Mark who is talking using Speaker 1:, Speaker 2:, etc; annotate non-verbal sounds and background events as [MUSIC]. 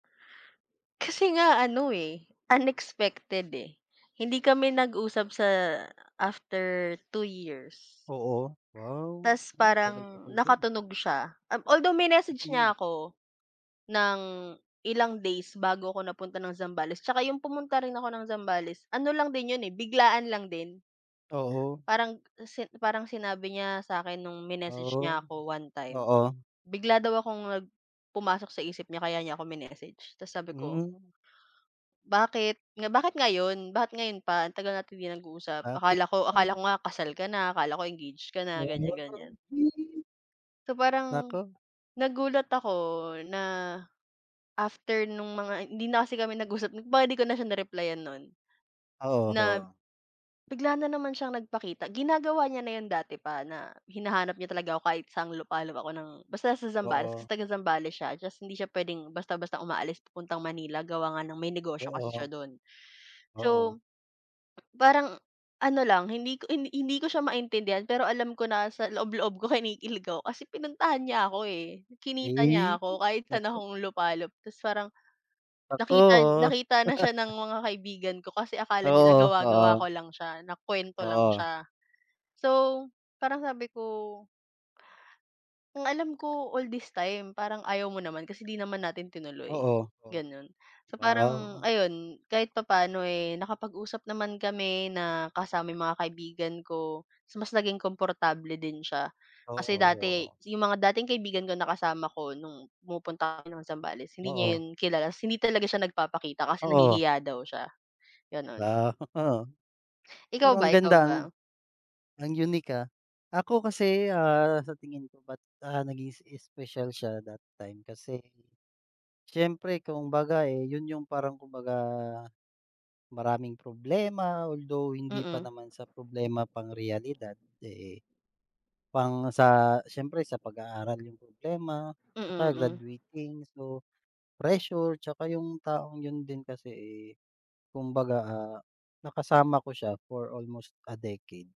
Speaker 1: Kasi nga, ano eh, unexpected eh. Hindi kami nag-usap sa after 2 years.
Speaker 2: Oo, wow,
Speaker 1: Tas,
Speaker 2: hmm,
Speaker 1: parang,
Speaker 2: tagal-tagal din.
Speaker 1: nakatunog siya, um, although minessage
Speaker 2: Mm.
Speaker 1: niya ako ng ilang days bago ako napunta ng Zambales. Tsaka yung pumunta rin ako ng Zambales, ano lang din 'yon eh, biglaan lang din.
Speaker 2: Oo.
Speaker 1: Parang, si parang sinabi niya sa'kin no'ng, minessage niya
Speaker 2: Oh,
Speaker 1: ako one time,
Speaker 2: oo.
Speaker 1: bigla daw akong nag pumasok sa isip niya kaya niya ako minessage tapos sabi ko
Speaker 2: Hmm.
Speaker 1: "Bakit, nga bakit ngayon? Bakit ngayon pa? Ang tagal natin 'di nag-uusap
Speaker 2: Bakit
Speaker 1: akala ko, akala ko
Speaker 2: ngayon
Speaker 1: nga kasal ka na, akala ko engage ka na",
Speaker 2: Wow,
Speaker 1: ganyan-ganyan.
Speaker 2: feel.
Speaker 1: So, parang,
Speaker 2: Naku.
Speaker 1: nagulat ako na, after no'ng mga hindi na kasi kami nag-usap, 'di ba, 'di ko na siya ni-reply-yan no'n.
Speaker 2: Oo,
Speaker 1: Na
Speaker 2: ho.
Speaker 1: bigla na naman siyang nagpakita, ginagawa niya na 'yon dati pa, na, hinahanap niya talaga ako kahit sang lupalop ako ng basta sa Zambales, kasi
Speaker 2: Oo.
Speaker 1: taga-Zambales siya, tas hindi siya puwedeng basta-basta umaalis papuntang Manila, gawa nga nang may negosyo kasi siya
Speaker 2: Oo.
Speaker 1: do'n.
Speaker 2: Oo.
Speaker 1: So, parang ano lang, hindi ko hi hindi ko siya maintindihan, pero alam ko na, sa loob-loob ko kinikilig ako, kasi pinuntahan niya ako, eh. Kinita niya
Speaker 2: Ey.
Speaker 1: ako, kahit saan
Speaker 2: Naku.
Speaker 1: akong lupalop, tas parang,
Speaker 2: Naku.
Speaker 1: nakita nakita na siya ng
Speaker 2: [LAUGHS]
Speaker 1: mga kaibigan ko, kasi akala nila
Speaker 2: Oo,
Speaker 1: gawa-gawa
Speaker 2: oo.
Speaker 1: ko lang siya, na kuwento lang
Speaker 2: Oo.
Speaker 1: siya. So, parang sabi ko "Ang alam ko, all this time, parang ayaw mo naman, kasi, 'di naman natin tinuloy."
Speaker 2: Oo, oh.
Speaker 1: Gano'n. So, parang
Speaker 2: Wow!
Speaker 1: ayun, kahit papaano, eh, nakapag-usap naman kami, na kasama yung mga kaibigan ko. Tas mas naging komportable din siya, kasi
Speaker 2: Oo,
Speaker 1: dati,
Speaker 2: oo.
Speaker 1: yung mga dating kaibigan ko, na kasama ko, no'ng pumupunta kami ng Zambales, hindi niya
Speaker 2: Oo.
Speaker 1: 'yon kilala. Tas hindi talaga siya nagpapakita kasi
Speaker 2: Oo.
Speaker 1: nahihiya daw siya, gano'n.
Speaker 2: Wow. [CHUCKLES]
Speaker 1: Ikaw
Speaker 2: Pero ang
Speaker 1: ba, ikaw
Speaker 2: ganda,
Speaker 1: ba?
Speaker 2: ang ang unique ah. Ako kasi, ah, sa tingin ko ba't, ah, naging s special siya that time, kasi, siyempre kumbaga, eh, 'yon yung parang kumbaga, maraming problema, although hindi pa
Speaker 1: Mm.
Speaker 2: naman sa problema pang realidad, eh, pang sa siyempre sa pag-aaral yung problema,
Speaker 1: Mm,
Speaker 2: tsaka
Speaker 1: mm.
Speaker 2: graduating. So, pressure, tsaka yung taong 'yon din kasi, eh, kumbaga, ah, nakasama ko siya for almost a decade.